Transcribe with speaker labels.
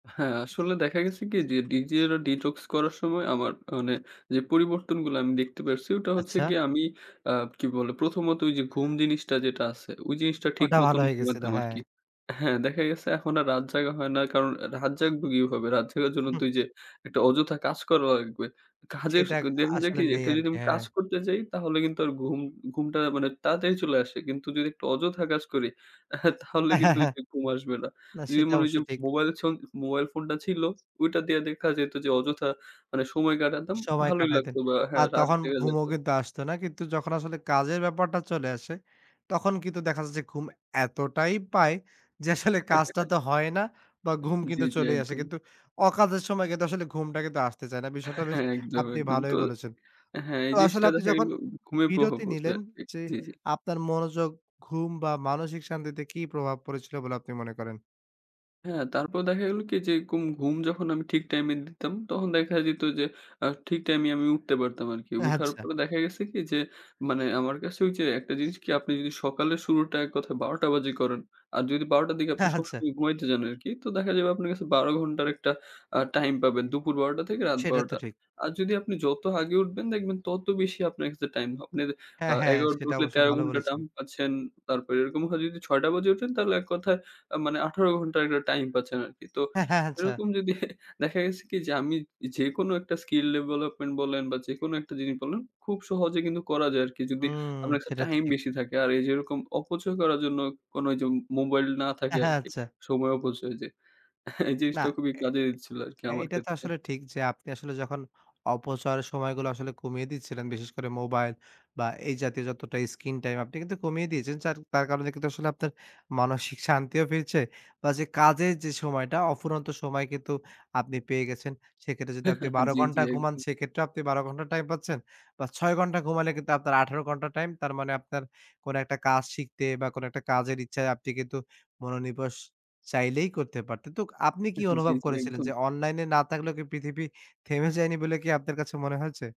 Speaker 1: হ্যাঁ, আসলে দেখা গেছে কি যে, ডিজিটাল detox করার সময় আমার মানে যে পরিবর্তনগুলা আমি দেখতে পারসি, ওটা হচ্ছে
Speaker 2: আচ্ছা।
Speaker 1: গিয়ে আমি আ কী বলে? ১ম ত ওইযে ঘুম জিনিসটা যেটা আছে, ওই জিনিসটা ঠিক
Speaker 2: ওটা ভালো
Speaker 1: মতন
Speaker 2: হয়ে গেছিল,
Speaker 1: ঘুমাইতাম
Speaker 2: হ্যাঁ।
Speaker 1: আরকি। হ্যাঁ। দেখা গেছে এখন আর রাত জাগা হয় না। কারণ আ রাত জাগবো কিভাবে? রাত জাগার জন্য তো ঐযে ১ টা অযথা কাজ করা লাগবে। কাজের
Speaker 2: সেটা আক
Speaker 1: দেখা যায় কি?
Speaker 2: আসলে
Speaker 1: ১
Speaker 2: নেই
Speaker 1: টা যদি
Speaker 2: আরকি।
Speaker 1: আমি
Speaker 2: হ্যাঁ।
Speaker 1: কাজ করতে যাই, তাহলে কিন্তু আর ঘুম ঘুমটা মানে তাড়াতাড়ি চলে আসে। কিন্তু যদি একটু অযথা কাজ করি, তাহলে কিন্তু ঐযে ঘুম আসবে না।
Speaker 2: না,
Speaker 1: যদি
Speaker 2: সেটা
Speaker 1: মনে করি
Speaker 2: অবশ্য
Speaker 1: যে,
Speaker 2: ঠিক।
Speaker 1: মোবাইল ছল মোবাইল ফোনটা ছিল, ওইটা দিয়ে দেখা যেত যে অযথা মানে সময় কাটাতাম।
Speaker 2: সময়
Speaker 1: ভালোই
Speaker 2: কাটাইতেন।
Speaker 1: লাগতো বা হ্যাঁ?
Speaker 2: আর
Speaker 1: রাত
Speaker 2: তখন
Speaker 1: জাগা
Speaker 2: ঘুমও
Speaker 1: যাইতো।
Speaker 2: কিন্তু আসতো না। কিন্তু যখন আসলে কাজের ব্যাপারটা চলে আসে তখন কিন্তু দেখা যাচ্ছে ঘুম এতটাই পায় যে, আসলে কাজটা তো হয় না বা, ঘুম
Speaker 1: জি,
Speaker 2: কিন্তু
Speaker 1: জি।
Speaker 2: চলেই আসে।
Speaker 1: একদম।
Speaker 2: কিন্তু অকাজের সময় কিন্তু আসলে ঘুমটা কিন্তু আসতে চায় না। বিষয়টা বেশ
Speaker 1: হ্যাঁ। একদম,
Speaker 2: আপনি
Speaker 1: একদম। তো
Speaker 2: ভালোই বলেছেন।
Speaker 1: হ্যাঁ,
Speaker 2: তো
Speaker 1: এই
Speaker 2: আসলে
Speaker 1: জিনিসটা
Speaker 2: আপনি
Speaker 1: দেখা গেল
Speaker 2: যখন
Speaker 1: ঘু ঘুমের প্রভাব
Speaker 2: বিরতি
Speaker 1: পড়ছে
Speaker 2: নিলেন
Speaker 1: আরকি
Speaker 2: যে,
Speaker 1: জি, জি।
Speaker 2: আপনার মনোযোগ, ঘুম বা, মানসিক শান্তিতে কি প্রভাব পড়েছিল বলে আপনি মনে করেন?
Speaker 1: হ্যাঁ, তারপর দেখা গেলো কি এইযে গুম ঘুম যখন আমি ঠিক টাইমে দিতাম, তখন দেখা যেত যে, আ ঠিক টাইমে আমি উঠতে পারতাম আরকি।
Speaker 2: আহ
Speaker 1: উঠার
Speaker 2: আচ্ছা।
Speaker 1: পরে দেখা গেছে কি যে মানে আমার কাছে ওইযে একটা জিনিস কি? আপনি যদি সকালের শুরুটা এক কথায় ১২ টা বাজে করেন আর যদি ১২ টার দিকে আপনি
Speaker 2: হ্যাঁ, আচ্ছা।
Speaker 1: সবসময় ঘুমাইতে যান আরকি। তো দেখা যাবে আপনার কাছে ১২ ঘন্টার একটা আ টাইম পাবেন। দুপুর ১২ টা থেকে রাত
Speaker 2: সেটা
Speaker 1: ১২
Speaker 2: তো
Speaker 1: টা।
Speaker 2: ঠিক।
Speaker 1: আর যদি আপনি যত আগে উঠবেন, দেখবেন তত বেশি আপনার কাছে টাইম হ আপনের আ
Speaker 2: হ্যাঁ, হ্যাঁ।
Speaker 1: ১১ টা
Speaker 2: সেটা
Speaker 1: উঠলে
Speaker 2: অবশ্য
Speaker 1: ১৩
Speaker 2: ভালো
Speaker 1: ঘন্টা
Speaker 2: বলেছেন।
Speaker 1: টাইম পাচ্ছেন। তারপর এরকম হয় ৬ টা বাজে উঠেন তাইলে এক কথায় অ্যা মানে ১৮ ঘন্টার একটা টাইম পাচ্ছেন আরকি। তো
Speaker 2: হ্যাঁ, হ্যাঁ। আচ্ছা।
Speaker 1: এরকম যদি দেখা গেছে কি যে, আমি যে যেকোনো একটা skill ডেভেলপমেন্ট বলেন বা, যেকোনো একটা জিনিস বলেন খুব সহজে কিন্তু করা যায় আরকি। যদি
Speaker 2: হুম।
Speaker 1: আপনার কাছে
Speaker 2: সেটা তো
Speaker 1: টাইম
Speaker 2: ঠিক।
Speaker 1: বেশি থাকে। আর এইযে এরকম অপচয় করার জন্য কোন ওইযে মোবাইল না থাকে আরকি।
Speaker 2: আচ্ছা।
Speaker 1: সময় অপচয় যে এই
Speaker 2: না।
Speaker 1: জিনিসটা খুবই কাজে দিচ্ছিল আরকি
Speaker 2: এ
Speaker 1: আমার
Speaker 2: এটা তো
Speaker 1: ক্ষেত্রে।
Speaker 2: আসলে ঠিক যে আপনি আসলে যখন অপচয়ের সময়গুলো আসলে কমিয়ে দিচ্ছিলেন, বিশেষ করে মোবাইল বা, এই জাতীয় যতটা screen time আপনি কিন্তু কমিয়ে দিয়েছেন। চার তার কারণে কিন্তু আসলে আপনার মানসিক শান্তিও ফিরছে। বা, যে কাজের যে সময়টা অফুরন্ত সময় কিন্তু আপনি পেয়ে গেছেন। সেক্ষেত্রে যদি আপনি ১২
Speaker 1: জি, জি।
Speaker 2: ঘন্টা ঘুমান
Speaker 1: একদম।
Speaker 2: সেক্ষেত্রেও আপনি ১২ ঘন্টা টাইম পাচ্ছেন বা, ৬ ঘন্টা ঘুমালে কিন্তু আপনার ১৮ ঘন্টা টাইম। তার মানে আপনার কোন একটা কাজ শিখতে বা, কোনো একটা কাজের ইচ্ছায় আপনি কিন্তু মনোনিনেশ চাইলেই করতে পারতেন। তো আপনি কি
Speaker 1: জি,
Speaker 2: অনুভব
Speaker 1: জি।
Speaker 2: করেছিলেন
Speaker 1: একদম।
Speaker 2: যে, অনলাইনে না থাকলেও পৃথিবী থেমে যায়নি বলে কি আপনার কাছে মনে হয়েছে?